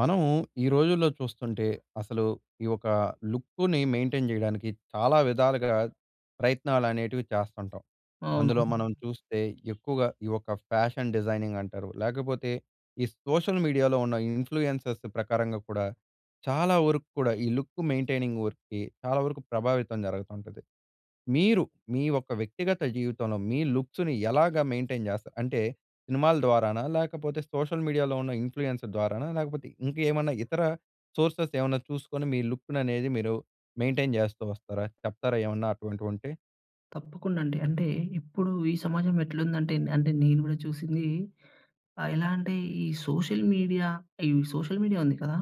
మనము ఈ రోజుల్లో చూస్తుంటే, అసలు ఈ ఒక లుక్కుని మెయింటైన్ జేయడానికి చాలా విధాలుగా ప్రయత్నాలనేటివి చేస్తుంటాం. అవును. అందులో మనం చూస్తే ఎక్కువగా ఈ ఒక్క ఫ్యాషన్ డిజైనింగ్ అంటారు, లేకపోతే ఈ సోషల్ మీడియాలో ఉన్న ఇన్‌ఫ్లూయెన్సెస్ ప్రకారంగా కూడా, చాలా వరకు కూడా ఈ లుక్ మెయింటైనింగ్ వర్క్‌కి చాలా వరకు ప్రభావితం జరగతుంటది. మీరు మీ ఒక్క వ్యక్తిగత జీవితంలో, మీ లుక్స్‌ని ఎలాగా మెయింటైన్ జేస్తా అంటే సినిమాల ద్వారానా, లేకపోతే సోషల్ మీడియాలో ఉన్న ఇన్‌ఫ్లూయెన్స్ ద్వారానా, లేకపోతే ఇంకేమన్నా ఇతర సోర్సెస్ ఏమన్నా చూసుకొని మీ లుక్కుననేది మీరు మెయింటైన్ జేస్తూ వస్తారా? చెప్తారా ఏమన్నా అటువంటివుంటే? తప్పకుండా అండి. అంటే ఇప్పుడు ఈ సమాజం ఎట్లుందంటే నే అంటే నేను గూడా చూసింది ఆహ్, ఎలా అంటే ఈ సోషల్ మీడియా, ఈ సోషల్ మీడియా ఉంది కదా!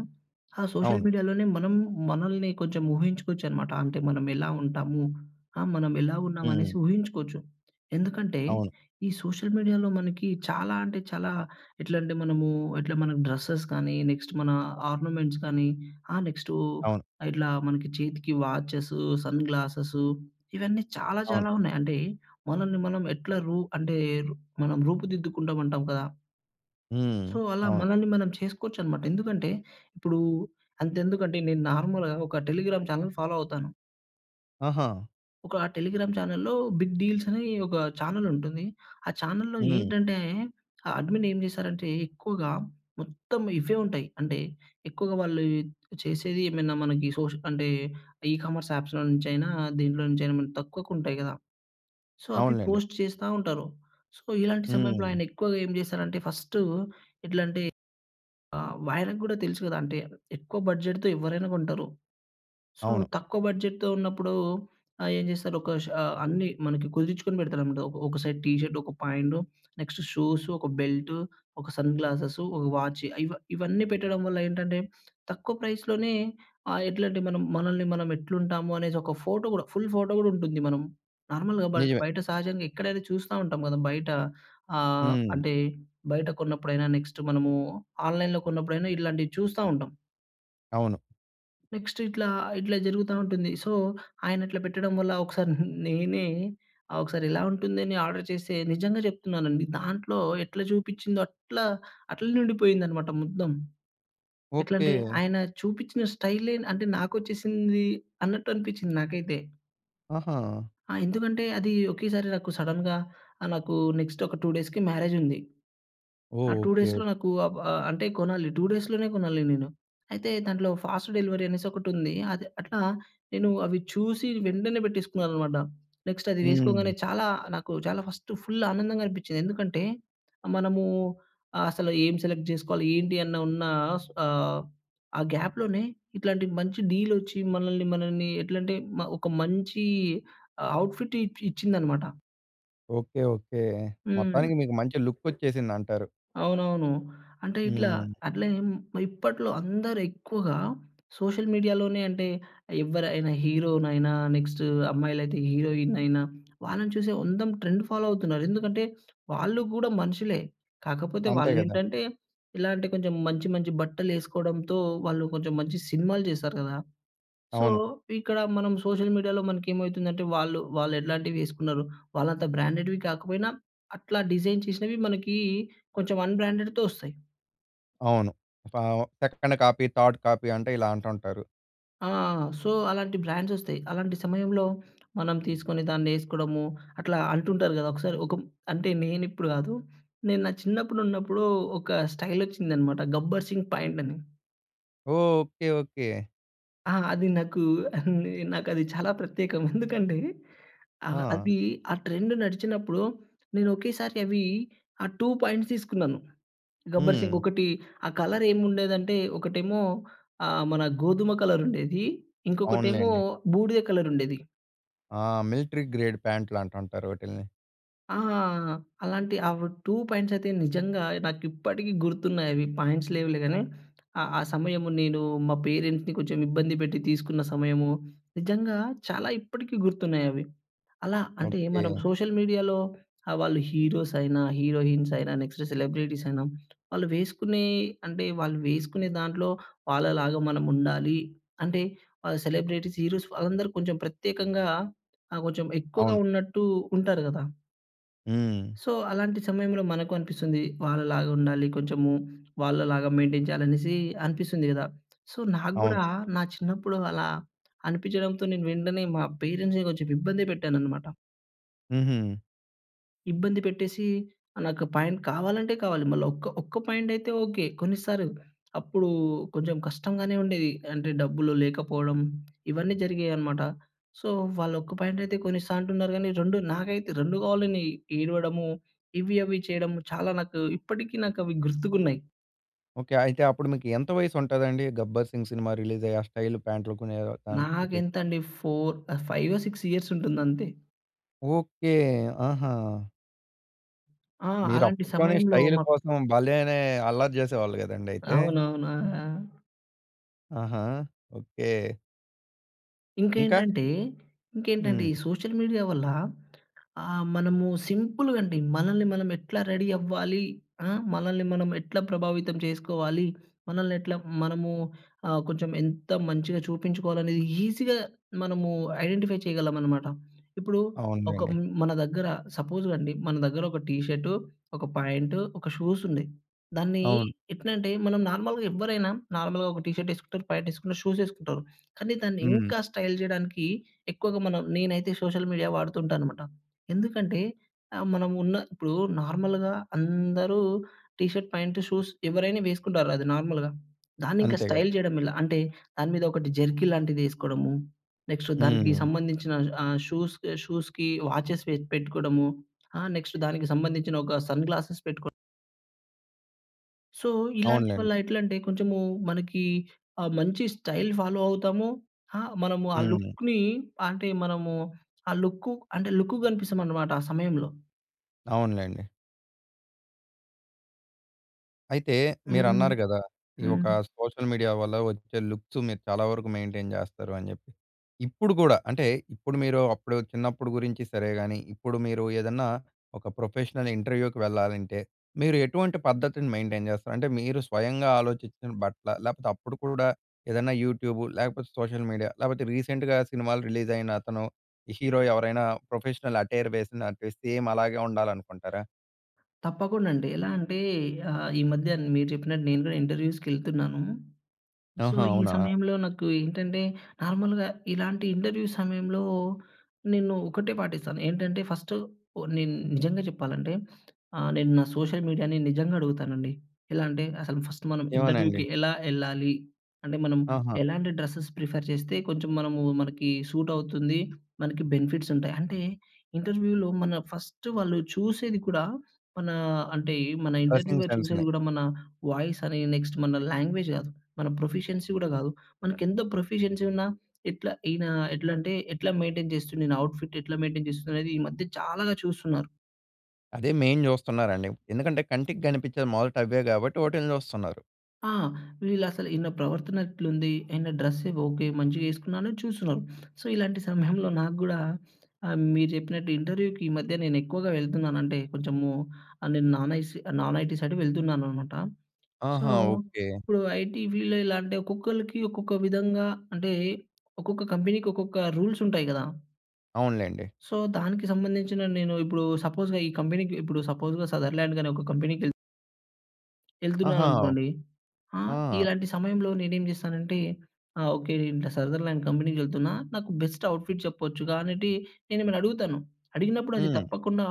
ఆ సోషల్ అవును. మీడియాలోనే మనం మనల్ని కొంచెం ఊహించుకోవచ్చనమాట, అంటే మనం ఎలా ఉంటాము? ఆహ్, మనం ఎలా ఉన్నామనేసి హ్మ్. ఊహించుకోచ్చు. ఎందుకంటే, అవును. ఈ సోషల్ మీడియాలో మనకి చాలా అంటే చాలా ఎట్లంటే మనము ఎట్లా మన డ్రెస్సెస్ కానీ, నెక్స్ట్ మన ఆర్నమెంట్స్ కానీ, ఆహ్, నెక్స్టూ అవును. ఇట్లా మనకి చేతికి వాచెసు, సన్‌గ్లాసెసు ఇవన్నీ చాలా అవును. చాలా ఉన్నాయి. అంటే, మనల్ని మనం ఎట్లా రూ అంటే రు మనం రూపుదిద్దుకుంటాం అంటాం కదా! హ్మ్. సో అలా అవును. మనల్ని మనం చేసుకోవచ్చన్నమాట. ఎందుకంటే, ఇప్పుడు అంతెందుకంటే నేను నార్మల్‌గా ఒక టెలిగ్రామ్ చానెల్ ఫాలో అవుతాను. ఆహా! ఒక టెలిగ్రామ్ చానెల్‌లో బిగ్ డీల్స్ అని ఒక చానెలుంటుంది. ఆ చానెల్‌లో హ్మ్. ఏంటంటే, ఆ అడ్మిన్ ఏం చేశారంటే ఎక్కువగా మొత్తం ఇవే ఉంటాయి. అంటే ఎక్కువగా వాళ్ళు చేసేది ఏమైనా మనకి సోష్ అంటే ఈ కామర్స్ అప్స్‌లో నుంచి అయినా, దీంట్లో నుంచి అయిన మనకు తక్కువకు ఉంటాయి కదా! సో, అవి అవునులెండి. పోస్ట్ చేస్తా ఉంటారు. సో, ఇలాంటి సమయంలో హ్మ్. ఆయన ఎక్కువగా ఏం చేసారంటే ఫస్టు ఎట్లాంటి ఆహ్, ఆయనకి కూడా తెలుసు కదా! అంటే ఎక్కువ బడ్జెట్‌తో ఎవ్వరైనా కొంటారు. సో, అవును. తక్కువ బడ్జెట్‌తో ఉన్నప్పుడు. ఆహ్, ఏం చేస్తారు ఒక షా అన్ని మనకి కుదిర్చుకొని పెడతారన్నమాట. ఒక ఒక సైడ్ టీ షర్టు, ఒక పాయింటు, నెక్స్ట్ షూస్, ఒక బెల్టు, ఒక సన్‌ గ్లాసెస్, ఒక వాఛీ ఇవ ఇవన్నీ పెట్టడం వల్ల ఏంటంటే, తక్కువ ప్రైస్‌లోనే ఆహ్, ఎట్లాంటి మనం మనల్ని మనం ఎట్లు ఉంటాము అనేసి ఒక ఫోటో కూడా, ఫుల్ ఫోటో కూడా ఉంటుంది. మనం నార్మల్‌గా బ నిజమే. బయట సహజంగా ఎక్కడైతే చూస్తా ఉంటాం కదా! బయట ఆహ్, హ్మ్. అంటే బయట కొన్నప్పుడైనా, నెక్స్ట్ మనము ఆన్‍లైన్‍లో కొన్నప్పుడైనా ఇట్లాంటివి చూస్తా ఉంటాం. అవును. నెక్స్ట్ ఇట్లా ఇట్లా జరుగుతా ఉంటుంది. సో, ఆయన అట్లా పెట్టడం వల్ల, ఒకసారి నేనే, ఆ! ఒకసారి ఇలా ఉంటుందని ఆర్డర్ చేస్తే, నిజంగా చెప్తున్నాను అండి దాంట్లో ఎట్లా చూపించిందో అట్లా అట్లానే ఉండిపోయిందన్నమాట మొత్తం. ఎట్లంటే ఓకె. ఆయన చూపిచిన స్టైలే అంటే నాకొచ్చేసింది అన్నట్టు అనిపించింది నాకైతే. ఆహా! ఆ! ఎందుకంటే, అదీ ఒకేసారి నాకు సడన్‌గా ఆహ్, నాకూ నెక్స్టొక 2 డేస్‌కి మ్యారేజుంది. ఆ ఓహ్! 2 ఓకే. ఓ డేస్‌లో నాకూ ఆవ్ ఆహ్, అంటే కొనాలి, 2 డేస్‌లోనే గొనాలి నేను. అయితే, దాంట్లో ఫాస్ట్ డెలివరీ అనేసొకటుంది. అదె అట్లా నేను అవి చూసీ వెంటనే పెట్టేసుకున్నాననమాట. నెక్స్ట్ అది వేసుకోంగానే, హ్మ్. చాలా నాకు చాలా ఫస్టు ఫుల్లానందంగనిపిచ్చింది. ఎందుకంటే, మనమూ అ అసల ఏం సెలెక్ట్ జేసుకోవాలి, ఏంటి అన్న ఉన్నా స్ ఆహ్, ఆ గ్యాప్‍లోనే ఇట్లాంటి మంచి డీలొచ్చి మనలని, మనలని ఎట్లంటే, మ ఒక మంచీ ఆహ్, అవుట్‌ ఫిట్ ఇప్ ఇచ్చిందనమాట. ఓకే. ఓకే. హ్మ్. మొత్తానికి మీకు మంచి లుక్కొచ్చేసిందంటారు. అవునవును. అంటే, ఇట్లా హ్మ్. అట్లా ఏం ఆహ్, ఇప్పట్లో అందరెక్కువగా సోషల్ మీడియాలోనే అంటే, ఎవ్వరైనా హీరోనైన నెక్స్టూ అమ్మాయిలైతే హీరోయినయినా, వాళ్ళను చూసి ఓ అందం ట్రెండు ఫాలో అవుతున్నారు. ఎందుకంటే, వాళ్ళు గూడా మనుషులే. కాకపోతే, అంతే గదా! వాళ్ళేంటంటే, ఇలాంటి కొంచెం మంచి, మంచి బట్టలేసుకోడంతో, వాళ్ళు కొంచెం మంచి సినిమాలు చేశారు గదా! సో, అవును. ఇక్కడా మనం సోషల్ మీడియాలో మనకేమయితుందంటే, వాళ్ళు వాళ్ళెట్లాంటివేసుకున్నారు, వాళ్ళంత బ్రాండెడ్‌వి కాకపోయినా, అట్లా డిజైన్ చేసినవి మనకీ కొంచెం అన్‌బ్రాండెడ్‌తో ఒస్తాయి. అవును. స్టవ సెకండ్ కాపీ, థర్డ్ కాపీ అంటే, ఇలాంటుంటారు. ఆ! సో అలాంటి బ్రాండ్స్ ఒస్తాయి. అలాంటి సమయంలో మనం తీసుకొని దాన్నేసుకోడము. అట్లా అంటుంటారు గదా! ఒక్కసారి ఒక అంటే, నేను ఇప్పుడు గాదు. నేను నా చిన్నప్పుడు ఉన్నప్పుడు ఒక స్టైలొచ్చిందన్నమాట. 'గబ్బర్‌సింగ్' ప్యాంటని. ఓహ్! ఓకే. ఓకే. ఆ! అది నాకు నే నాకది చాలా ప్రత్యేకం. ఎందుకంటే, ఆహ్, ఆ! అది ఆ ట్రెండ్ నడిచినప్పుడు నేనొకేసారి అవి ఆహ్, 2 ప్యాంట్స్ తీసుకున్నాను. హ్మ్. 'గబ్బర్‌సింగ్' ఒకటి ఆ కలర్ ఏముండేదంటే, ఒకటేమో ఆహ్, మన గోధుమ కలరుండేది. ఇంకొకటేమో అవునులేండి. బూడిద కలరుండేది. ఆ! మిలిటరీ గ్రేడ్ ప్యాంట్లనుంటుంటారు వాటిల్ని. ఆ! అలాంటి అవి 2 పాయింట్స్ అయితే నిజంగా నాకిప్పటికి గుర్తున్నాయవి పాంట్స్ లేవులే గానీ, ఆ ఆ సమయము నేను మా పేరెంట్స్‌ని కొంచెం ఇబ్బంది పెట్టి తీసుకున్న సమయము. నిజంగా చాలా ఇప్పటికి గుర్తున్నాయవి. అలా అంటే, మనం ఓకే. సోషల్ మీడియాలో ఆ! వాళ్ళు హీరోస్ అయినా, హీరోయిన్స్ అయినా, నెక్స్ట్ సెలబ్రిటీస్ అయినా వాళ్ళు వేసుకునే అంటే వాళ్ళు వేసుకునే దాంట్లో వాళ్ళలాగా మనం ఉండాలి, అంటే, ఆ సెలబ్రిటీస్, హీరోస్ వాళ్ళందరూ కొంచెం ప్రత్యేకంగా ఆహ్, కొంచెం ఎక్కువగా అవును. ఉన్నట్టు ఉంటారు గదా! హ్మ్. సో, అలాంటి సమయంలో మనకు అనిపిస్తుంది. వాళ్ళలాగా ఉండాలి కొంచెము, వాళ్ళలాగా మెయింటైన్ చేయాలి అనేసి అనిపిస్తుంది గదా! సో, నాకు అవును. గూడా నా చిన్నప్పుడు అలా అనిపించడంతో, నేను వెంటనే మా పేరెంట్స్‌ని కొంచెం ఇబ్బంది పెట్టాననమాట. హుహు. ఇబ్బంది పెట్టేసి, ఆ నాకు ప్యాంట్ కావాలంటే కావాలి. మళ్ళీ ఒక్క ఒక్క ప్యాంటైతే ఓకె, కొన్నిస్తారు. అప్పుడు కొంచెం కష్టంగానే ఉండేది. అంటే డబ్బులు లేకపోవడం ఇవన్నీ జరిగేయనమాట. సో, వాళ్ళొక్క ప్యాంటైతే కొన్నిస్తా అంటున్నారు కానీ 2 నాకైతే, 2 కావాలని ఏడవడము. ఇవి, అవి చేయడము, చాలా నాకు ఇప్పటికి నాకవి గుర్తుకున్నాయి. ఓకె. అయితే అప్పుడు మీకు ఎంత వయసుంటాదండి? 'గబ్బర్ సింగ్' సినిమా రిలీజయి. ఆ స్టైల్ ప్యాంట్లు కొనే టైముకి? నాకెంతండి 4 ఆహ్, ఫైవో 6 ఇయర్సుంటుంది అంతే. ఓకె. ఆహా! ఆ! మీరు అలాంటి అప్పట్లోనే సమయంలో స్టైల్ మ కోసం భలేనే అల్లరి చేసేవాళ్ళు కదండయితే. అవునవును. ఆ! ఆ! ఆహా! ఓకె. ఇంకా. ఇంకేంటంటే, ఇంకేంటంటే ఈ హ్మ్. సోషల్ మీడియా వల్ల ఆహ్, మనము సింపుల్‌గ అండి, మనల్ని మనం ఎట్ల రెడీ అవ్వాలి. ఆ మనల్ని మనం ఎట్లా ప్రభావితం చేసుకోవాలి. మనల్నెట్లా మనము ఆహ్, కొంచెం ఎంత మంచిగా చూపించుకోవాలనేది ఈజీగా మనము ఐడెంటిఫై చేయగలమనమాట. ఇప్పుడు ఒక అవునులేండి. మన దగ్గర సపోజ్ అండి, మన దగ్గర ఒక టీ షర్టు, ఒక ప్యాంటు, ఒక షూస్ ఉన్నై. దాన్ని అవును. ఎట్లంటే, మనం నార్మల్‍గా ఎవ్వరైనా నార్మల్‌గా ఒక టీ షర్ట్ ఏసుకుంటారు, ప్యాంట్ ఏసుకుంటరు, షూస్ ఏసుకుంటారు. కానీ దాన్ని హ్మ్. ఇంకా స్టైల్ చేయడానికి ఎక్కువగా మనం నేనైతే సోషల్ మీడియా వాడుతు ఉంటానమాట. ఎందుకంటే ఆహ్, మనం ఉన్న ఇప్పుడు నార్మల్‍గా అందరూ టీ షర్ట్, ప్యాంట్, షూస్ ఎవరైనా వేసుకుంటారు అది నార్మల్‌గా. దాన్నింకా అంతే గద. స్టైల్ జేయడం ఎలా? అంటే, దాని మీద ఒకటి జెర్కీలాంటిదేసుకోవడము. నెక్స్టు దానికి హ్మ్. సంబంధించిన ఆహ్, షూస్, షూస్‍కి వాచెస్ వె పెట్టుకోవడము. ఆహ్, నెక్స్టు దానికి సంబంధించిన ఒక సన్‌గ్లాసెస్ పెట్టుకో సో, ఇలాంటి అవునులేండి. వల్ల ఎట్లంటే, కొంచమూ మనకీ ఆహ్, మంచి స్టైల్ ఫాలో అవుతాము. హా! మనము ఆ హ్మ్. లుక్‌నీ అంటే, మనము ఆ లుక్కు అంటే, లుక్కుగ గనిపిస్తామనమాట ఆ సమయంలో. అవునులేండి. అయితే, హ్మ్. మీరన్నారు గదా! ఈ హ్మ్. ఒకా సోషల్ మీడియా వల్ల ఒచ్చే లుక్స్ మీరు చాలా వరుకు మెయిన్‌టైన్ జేస్తారు అని చెప్పి. ఇప్పుడు గూడా అంటే, ఇప్పుడు మీరు అప్పుడు చిన్నప్పుడు గురించి సరే గాని, ఇప్పుడు మీరు ఏదన్నా ఒక ప్రొఫెషనల్ ఇంటర్‌వ్యూ‌‌కి వెళ్లాలంటే, మీరు ఎటువంటి పద్ధతిని మెయిన్‌టైన్ జేస్తారు? అంటే, మీరు స్వయంగా ఆలోచిచ్చిన బట్టలా? లేపోతే, అప్పుడు కూడా ఏదన్నా యూట్యూబు, లేకపోతే సోషల్ మీడియా లేపోతే రీసెంట్‌గా సినిమాలు రిలీజయినతను హీరో ఎవరైనా ప్రొఫెషనల్ అటైర్ వేసిండనిపిస్తె సేమ్ అలాగే ఉండాలనుకుంటారా? తప్పకుండండి. ఎలా అంటే, ఆహ్, ఈ మధ్యన మీరు చెప్పినట్టు నేను గూడా ఇంటర్‌వ్యూస్‌కెళ్తున్నాను సో, ఆహా! ఈ అవునా! సమయంలో నాకు ఏంటంటే, నార్మల్‍గా ఇలాంటి ఇంటర్‌వ్యూ‌‌ సమయంలో, నేను ఒకటే పాటిస్తాను. ఏంటంటే, ఫస్టు ఓ నేను నిజంగా చెప్పాలంటే, ఆహ్, నేను నా సోషల్ మీడియాని నిజంగ అడుగుతానండి. ఎలా అంటే, అసలు ఫస్ట్ మనం ఇంటర్‌వ్యూ‌‌కి ఏమోనండి. ఎలా యెళ్ళాలి? అంటే, మనం ఆహా! ఎలాంటి డ్రసెస్ ప్రిఫర్ చేస్తే కొంచెం మనమూ మనకీ సూటవుతుంది. మనకి బెనిఫిట్సుంటాయి. అంటే, ఇంటర్‌వ్యూ‌లో మన ఫస్ట్ వాళ్ళు చూసేది కూడా, మనా అంటే, మన డ్రెస్సింగ్ ఇంటర్‌వ్యూ‌లో చూసేది సెన్స్‌ని. గూడా మనా వాయిసని, నెక్స్ట్ మన లాంగ్వేజ్ గాదు, మన ప్రొఫిషియన్సీ గూడా గాదు. మనకెంత ప్రొఫిషియన్సీ ఉన్నా ఎట్లా ఈయనా ఎట్లంటే, ఎట్లా మెయిన్‌టైన్ చేస్తుండీన, అవుట్‌ఫిట్టెట్లా మెయిన్‌టైన్ చేస్తుందనేదీ ఈ మధ్య చాలా చూస్తున్నారు. అదే మెయిన్ చూస్తున్నారండి. ఎందుకంటే, కంటికి కనిపించేది మొదట అవే కాబట్టి వాట్లిని చూస్తున్నారు. ఆ! వీళ్లసలు ఈల్ల ప్రవర్తనెట్లుంది? ఏంటంటే, డ్రెస్ ఓకె మంచిగా ఎసుకున్నాను చూస్తున్నారు. సో, ఇలాంటి సమయంలో నాకు గుడా ఆహ్, మీరు చెప్పినట్టు ఇంటర్యుకి ఈ మధ్య నేనెక్కువగా వెళ్తున్నాను అంటే కొంచెమూ ఆహ్, నేను నాన్ ఐస్ ఆహ్, నాన్ ఐటీ సైడ్ వెళ్తున్నానన్నమాట. సో, ఆహా! ఓకె. ఇప్పుడు ఐటీ ఫీల్డ్ ఎలా అంటే, ఒక్కొక్కళ్ళకి ఒక్కొక్క విధంగా అంటే ఒక్కొక్క కంపెనీకి, ఒక్కొక్క రూల్స్ ఉంటాయి గదా! అవునులెండి. సో, దానికి సంబంధించిన నేను ఇప్పుడు సపోజ్‌గా ఈ కంపెనీకి ఇప్పుడు సపోజ్‌గా సదర్లాండ్‌ గానీ ఒక కంపెనీకి ఎళ్... ఆహా! ఎళ్తున్నాననుకోండీ. ఆ ఆ! ఇలాంటి సమయంలో నేనేం చేస్తానంటే ఆ! ఓకె అంటే సదర్లాండ్ కంపెనీకెళ్తున్నా నాకు బెస్ట్ అవుట్‌ఫిట్ చెప్పొచ్చుగా అనేటి నేను ఎమన్న అడుగుతాను. అడిగినప్పుడు అది హ్మ్. తప్పకుండా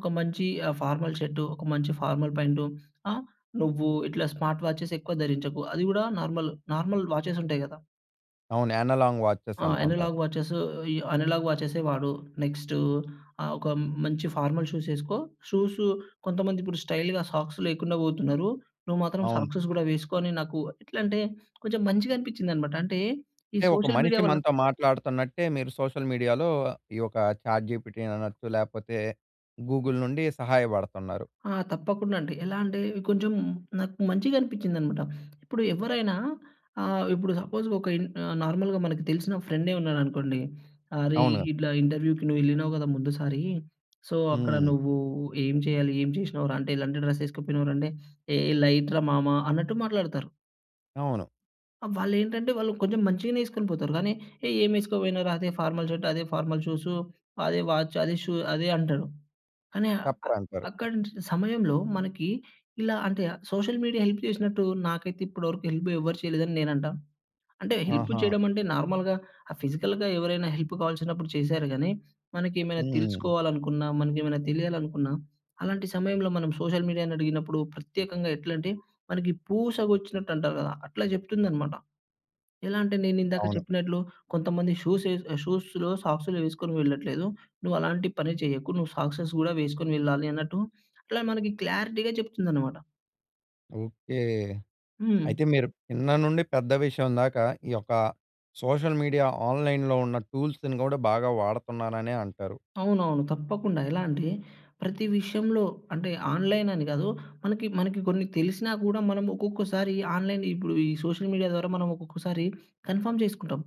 ఒక మంచి ఆహ్, ఫార్మల్ షర్డ్ ఒక మంచి ఫార్మల్ పాంటు ఆ! నువ్వు ఇట్లా స్మార్ట్ వాచెసెక్కువ ధరించకు, అది కూడా నార్మల్, నార్మల్ వాచెస్ ఉంటాయి గదా! అవును అనలాంగ్ వాచెస్ ఆ! అంటుంటారు. అనలాగ్ వాచెస్సు ఈ అనలాగ్ వాచెస్సె వాడు. నెక్స్టు ఆహ్, ఒక మంచి ఫార్మల్ షూస్ ఎసుకో. షూసు కొంతమందిప్పుడు స్టైల్‌గా సాక్స్ లేకుండా పోతున్నారు, నువ్వు మాత్రం అవును. సాక్స్‌స్ కూడా వేసుకొ అని నాకు ఎట్లా అంటే, కొంచెం మంచిగా అనిపిచిందన్నమాట. అంటే ఈ అంటే ఒక సోషల్ మీడియా మనిషి వల్ల మనతో మాట్లాడుతున్నట్టే, మీరు సోషల్ మీడియాలో ఈ యొక్క చాట్‌జీపిటీ అని అనొచ్చు, లేకపోతే గూగుల్ నుండి సహాయపడుతున్నారు. ఆ! తప్పకుండా అండి. ఎలా అంటే కొంచెం నాకు మంచిగా అనిపించిందన్నమాట. ఇప్పుడు ఎవ్వరైనా ఆహ్, ఇప్పుడు సపోజ్ ఒక ఇన్ ఆహ్, నార్మల్‌గా మనకు తెలిసిన ఫ్రెండే ఉన్నాడనుకోండి, అరే! అవునుగా. ఇట్లా ఇంటర్వ్యూ‌కి నువ్వెళ్ళినవు గదా! ముందుసారీ సో, అక్కడ హ్మ్. నువ్వూ ఏం చేయాలి, ఏం చేసినావు రా, అంటే ఎలాంటి డ్రెస్ ఎసుకుపోయినావు రా, అంటే ఏ లైట్ రా మామా అన్నట్టు మాట్లాడతారు. అవును. ఆ! వాళ్లేంటంటే వాళ్ళు కొంచెం మంచిగనే ఏస్కుని పోతారు గానీ ఏ ఏమేసుకు పోయినరా అదే ఫార్మల్ షర్ట్. అదే ఫార్మల్ షూస్, అదే వాచ్, అదే షూ. అదే అంటాడు. అని ఆహ్, చెప్పరంటారు. అక్కడ్ నుంచి సమయంలో మనకి ఇలా అంటే, సోషల్ మీడియా హెల్ప్ చేసినట్టు నాకైతే ఇప్పటి వరకు హెల్ప్ ఎవ్వరు చేయలేదని నేనంటాను. అంటే హెల్పు ఆహా! చేయడం అంటే, నార్మల్‌గా ఆ ఫిజికల్‌గా ఎవరైనా హెల్పు కావాల్సినప్పుడు చేసారు గాని, మనకి ఏమైనా హ్మ్. తెలుసుకోవాలనుకున్న, మనకి ఏమైనా తెలియాలనుకున్న అలాంటి సమయంలో మనం సోషల్ మీడియా‌ని అడిగినప్పుడు ప్రత్యేకంగా ఎట్లంటే, మనకి పూసగుచ్చినట్టుంటారు గదా! అట్లా చెప్తుందన్నమాట. ఎలా అంటే, నేను ఇందాక అవును. చెప్పినట్లు కొంతమంది షూస్ ఏస్ షూస్‌లో సాక్సులు వేసుకొని వెళ్ళట్లేదు. నువ్వు అలాంటి పని చేయకు. నువ్వు సాక్సెస్ కూడా వేసుకొని వెళ్ళాలి అన్నట్టు అలా మనకి క్లారిటీగా చెప్తుందన్నమాట. ఓకే. హ్మ్. అయితే మీరు చిన్న నుండి పెద్ద విషయం దాకా, ఈ యొక్క సోషల్ మీడియా ఆన్‍లైన్‍లో ఉన్న టూల్స్‌ని గూడా బాగా వాడతున్నాననే అంటారు. అవునవును. తప్పకుండా ఎలా అంటే, ప్రతి విషయంలో అంటే ఆన్‍లైనని గాదు. మనకి మనకి కొన్ని తెలిసినా గూడా మనము ఒక్కొక్కసారి, ఆన్‍లైన్ ఇప్పుడు ఈ సోషల్ మీడియా ద్వారా మనం ఒక్కొక్కసారి కన్ఫర్మ్ చేసుకుంటాం.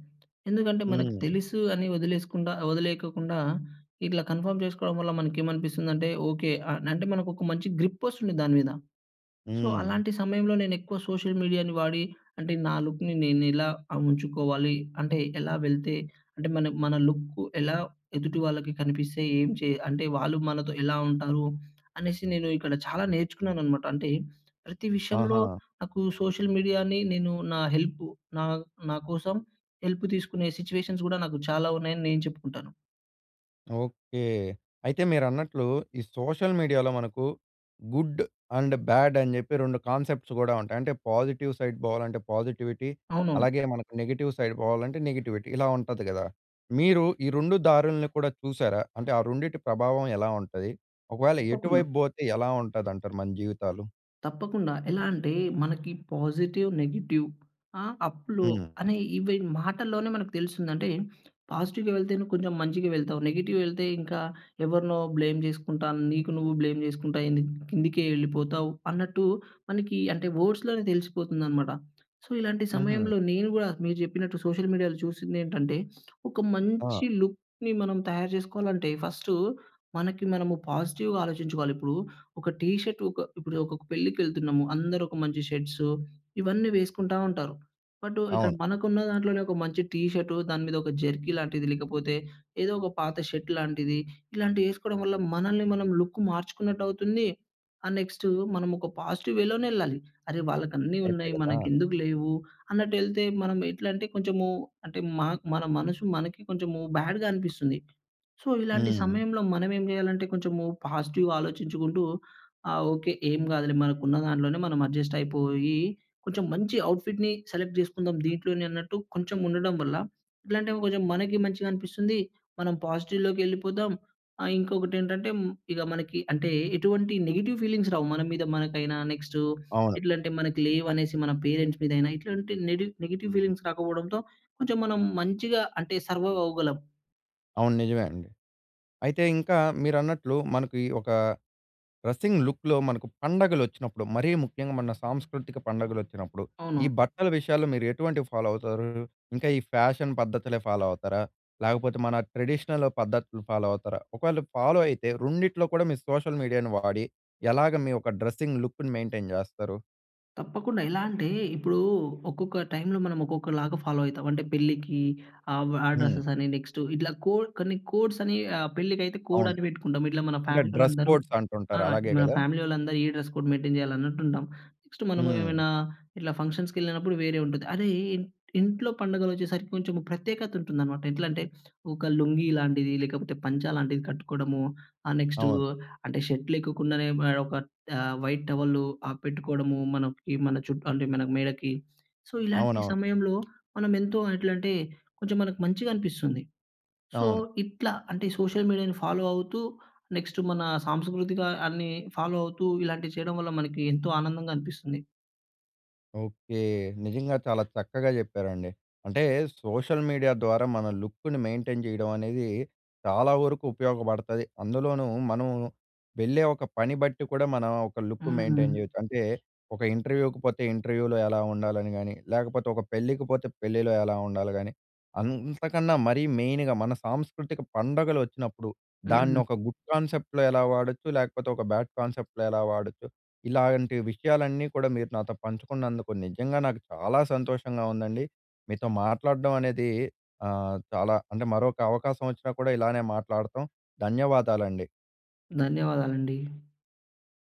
ఎందుకంటే మనకు హ్మ్. తెలుసు అని వదిలేసుకుండా వదిలేయ్యకుండా ఇట్లా కన్ఫర్మ్ చేసుకోవడం వల్ల మనకేమనిపిస్తుందంటే, ఓకే, ఆహ్ అంటే మనకొక మంచి గ్రిపొస్తుంది దాని మీద. సో, హ్మ్. అలాంటి సమయంలో నేనెక్కువ సోషల్ మీడియా‌ని వాడి, అంటే నా లుక్‌ని నేనిలా ఆ! ఉంచుకోవాలి. అంటే ఎలా వెళ్తే అంటే మన మన లుక్కు ఎలా ఎదుటి వాళ్ళకి కనిపిస్తే, ఏం చే అంటే వాళ్ళు మనతో ఎలా ఉంటారు అనేసి నేను ఇక్కడ చాలా నేర్చుకున్నాననమాట. అంటే ప్రతి విషయంలో ఆహా! నాకు సోషల్ మీడియాని నేను నా హెల్పు నా నాకోసం హెల్పు తీసుకునే సిచువేషన్స్ గూడా నాకు చాలా ఉన్నాయని నేను చెప్పుకుంటాను. ఓకే. అయితే మీరన్నట్లు, ఈ సోషల్ మీడియాలో మనకు గుడ్ అండ్ బాడ్ అని చెప్పి 2 కాన్సెప్ట్స్ కూడా ఉంటాయి. అంటే పాజిటివ్ సైడ్ పోవాలంటే పాజిటివిటీ. అవును. అలాగే మనకు నెగెటివ్ సైడ్ పోవాలంటే నెగటివిటీ. ఇలా ఉంటది కదా! మీరు ఈ 2 దారులను కూడా చూసారా? అంటే ఆ రెండిటి ప్రభావం ఎలా ఉంటది? ఒకవేళ తప్పకుండా. ఎటువైపు బోతే ఎలా ఉంటదంటారు మన జీవితాలు? తప్పకుండా ఎలా అంటే, మనకి పాజిటివ్, నెగెటివ్ ఆ! అప్‌‌, లో హ్మ్. అనే ఇవి మాటల్లోనే మనకు తెలుస్తుంది. అంటే పాజిటివ్‌గా వెళ్తే నువ్వు కొంచెం మంచిగా వెళ్తావు, నెగెటివ్ వెళ్తే ఇంకా ఎవరినో బ్లేమ్ చేసుకుంటా, నీకు నువ్వు బ్లేమ్ చేసుకుంటా ఏంది కిందికే వెళ్ళిపోతావు. అన్నట్టు మనకి, అంటే వర్డ్స్‌లోనే తెలిసిపోతుందనమాట. సో, ఇలాంటి హుహు. సమయంలో నేను కూడా నువు చెప్పినట్టు సోషల్ మీడియాలో చూసింది ఏంటంటే, ఒక మంచి ఆ! లుక్‌ని మనం తయారు చేసుకోవాలంటే ఫస్టు మనకి మనము పాజిటివ్‌గా ఆలోచించుకోవాలి. ఇప్పుడు ఒక టీ షర్టు, ఒక ఇప్పుడు ఒక పెళ్ళికెళ్తున్నము, అందరూ ఒక మంచి షర్ట్స్ ఇవన్నీ వేసుకుంటా ఉంటారు. బట్టు ఇక్కడ అవును. మనకున్న దాంట్లోనే ఒక మంచి టీ షర్టు దాని మీద ఒక జెర్కీ లాంటిది, లేకపోతే ఏదో ఒక పాత షర్ట్‌లాంటిది ఇలాంటివి వేసుకోవడం వల్ల మనల్ని మనం లుక్ మార్చుకున్నట్టు అవుతుంది. ఆహ్, నెక్స్టు మనమొక పాజిటివ్ వేలోనే ఎళ్ళాలి. అరే వాళ్ళకన్నీ కరెక్టే ఉన్నాయి, కదా! మనకేందుకు లేవు, అన్నట్టు ఏళ్తే మనం ఎట్లంటే కొంచెము అంటే మాక్ మన మనసు మనకి కొంచెం బ్యాడ్‌గా అనిపిస్తుంది. సో ఇలాంటి హ్మ్. సమయంలో మనం ఏం చేయాలంటే, కొంచెం పాజిటివ్‌గా ఆలోచించుకుంటూ ఆహ్, ఓకె ఏమి కాదులే మనకు ఉన్న దాంట్లోనే మనం అడ్జస్ట్ అయిపోయి కొంచెం మంచి అవుట్‌ఫిట్‌ని సెలెక్ట్ చేసుకుందాం. దీంట్లోనే అన్నట్టు కొంచెం ఉండడం వల్ల ఎట్లాంటే, కొంచెం మనకి మంచిగా అనిపిస్తుంది. మనం పాజిటివ్‌లోకేళ్ళిపోదాం. ఆహ్, ఇంకొకటేంటంటే ఇగా మనకి అంటే ఎటువంటి నెగెటివ్ ఫీలింగ్స్ రావు మన మీద మనకైనా, నెక్స్టు అవును. ఎట్లాంటే మనకు లేవు అనేసి మన పేరెంట్స్ మీదైన. ఇట్లాంటి నెడి నెగెటివ్ ఫీలింగ్స్ రాకపోవడంతో కొంచెం మనం మంచిగా అంటే సర్వైవ్ అవ్వగలం. అవును నిజమేండి. అయితే ఇంకా మీరన్నట్లు మనకి ఒక డ్రెసింగ్ లుక్‌లో మనకు పండుగలోచ్చినప్పుడు మరీ ముఖ్యంగా మన సాంస్కృతిక పండుగలోచ్చినప్పుడు, ఈ అవునవును. బట్టల విషయాల్లో మీరు ఎటువంటివి ఫాలో అవుతారు? ఇంకా ఈ ఫ్యాషన్ పద్ధతులే ఫాలో అవుతారా? లేకపోతే మన ట్రెడిషనల్ పద్ధతులు ఫాలో అవుతారా? ఒకవేళ ఫాలో అయితే రెండిట్లో కూడా మీరు సోషల్ మీడియాను వాడి ఎలాగ మీ యొక్క డ్రెస్సింగ్ లుక్‌ని మెయింటైన్ చేస్తారు? తప్పకుండా! ఎలాంటే, ఇప్పుడు ఒక్కొక్క టైమ్‌లో మనం ఒక్కొక్కలాగా ఫాలో అయితం. అంటే, పెళ్లికి ఆబ్ ఆ హ్మ్. డ్రెసే‌స్ అని నెక్స్ట్ ఇట్లా కోడ్ కొన్ని కోడ్స్ అని ఆహ్, పెళ్ళికి అయితే కోడ్ అవును. అని పెట్టుకుంటాం. ఇట్లా మన అంటే, ఫ్యామిలీ డ్రస్ వాళ్ళందరూ కోడ్స్ ఆ! అంటుంటారు. అలాగే మన కదా! ఫ్యామిలీ వాళ్ళందరూ ఈ డ్రెస్ కోడ్ మెయింటైన్ చేయాలి అన్నట్టు ఉంటాం. నెక్స్ట్ హ్మ్. మనమేమైనా ఇట్ల ఫంక్షన్స్‌కేళ్ళినప్పుడు వేరే ఉంటుంది. అరేయ్! ఇన్ ఇంట్లో పండుగలు వచ్చేసరికి కొంచము ప్రత్యేకత ఉంటుందనమాట. ఎట్లంటే, ఒక లుంగీ లాంటిది లేకపోతే పంచ లాంటిది కట్టుకోవడము. ఆ నెక్స్టు అవును. అంటే, షర్ట్ లేకొకుండానే ఆహ్, మే ఒక ఆహ్, వైట్ టవలు ఆహ్, పెట్టుకోవడము, మనం ఇవి మన చుట్టూ అంటే మన మేడకి. సో ఇలాంటి అవునవును. సమయంలో మనం ఎంతో ఎట్లంటే కొంచెం మనకు మంచిగనిపిస్తుంది. సో అవును. ఇట్లా అంటే, సోషల్ మీడియాను ఫాలో అవుతూ నెక్స్ట్ మన సాంస్కృతికాన్ని ఫాలో అవుతూ ఇలాంటివి చేయడం వల్ల మనకి ఎంతో ఆనందంగా అనిపిస్తుంది. ఓకే. నిజంగా చాలా చక్కగా చెప్పారండి. అంటే సోషల్ మీడియా ద్వారా మన లుక్‌ని మెయింటైన్ చేయడం అనేది చాలా వరకు ఉపయోగపడతది. అందులోనూ మనం వెళ్ళే ఒక పని బట్టి కూడా మనం ఒక లుక్ మెయింటైన్ హ్మ్. చేయొచ్చు. అంటే, ఒక ఇంటర్‌వ్యూ‌కి పోతే ఇంటర్‌వ్యూలో ఎలా ఉండాలని గానీ, లేకపోతే ఒక పెళ్ళికి పోతే పెళ్ళిలో ఎలా ఉండాలి గానీ, అంతకన్నా మరీ మెయిన్‌గా మన సాంస్కృతిక పండుగలు ఒచ్చినప్పుడు హ్మ్. దానోక గుడ్ కాన్సెప్ట్‌లో ఎలా వాడొచ్చు, లేకపోతే ఒక బ్యాడ్ కాన్సెప్ట్‌లో ఎలా వాడొచ్చు. ఇలాంటి విషయాలన్నీ కూడా మీరు నాతో పంచుకున్నందుకు నిజంగా నాకు చాలా సంతోషంగా ఉందండి. మీతో మాట్లాడడం అనేది ఆహ్, చాలా అంటే మరొక అవకాశం వచ్చినా కూడా ఇలానే మాట్లాడతాం. ధన్యవాదాలండి. ధన్యవాదాలండి.